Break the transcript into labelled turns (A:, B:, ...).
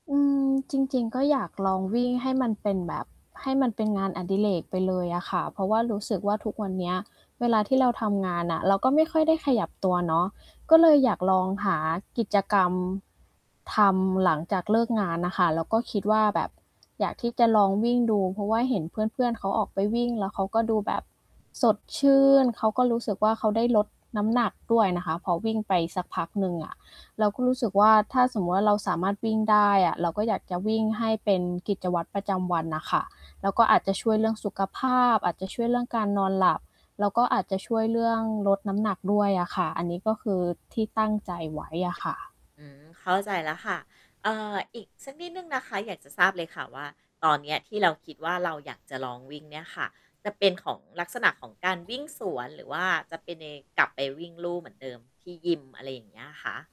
A: อืม จริง ๆ ก็อยากลองวิ่งให้มันเป็นแบบ ให้มันเป็นงานอดิเรกไปเลยอะค่ะ เพราะว่ารู้สึกว่าทุกวันเนี้ย เวลาที่เราทำงานน่ะ เราก็ไม่ค่อยได้ขยับตัวเนาะ ก็เลยอยากลองหากิจกรรม ทำหลังจากเลิกงานน่ะค่ะ แล้วก็คิดว่าแบบอยากที่จะลองวิ่งดู เพราะว่าเห็นเพื่อน ๆ เขาออกไปวิ่งแล้วเขาก็ดูแบบสดชื่น เขาก็รู้สึกว่า เขาได้ลดน้ำหนักด้วยนะคะ พอวิ่งไปสักพักหนึ่งอะ เราก็รู้สึกว่า ถ้าสมมุติว่าเราสามารถวิ่งได้อะ เราก็อยากจะวิ่งให้เป็นกิจวัตรประจำวันน่ะค่ะ แล้วก็อาจจะช่วยเรื่องสุขภาพ อาจจะช่วยเรื่องการนอนหลับ แล้วก็อาจจะช่วยเรื่องลดน้ำหนักด้วยอะค่ะ อันนี้ก็คือที่ตั้งใจไว้อะค่ะ
B: อืม เข้าใจแล้วค่ะ เอ่อ อีกสักนิดหนึ่งนะคะ อยากจะทราบเลยค่ะว่า ตอนเนี้ยที่เราคิดว่าเราอยากจะลองวิ่งเนี่ยค่ะ จะเป็นของ ลักษณะของการวิ่งสวนหรือว่าจะเป็นในกลับไปวิ่งลู่เหมือนเดิมที่ยิม อะไรอย่างเงี้ยอะคะ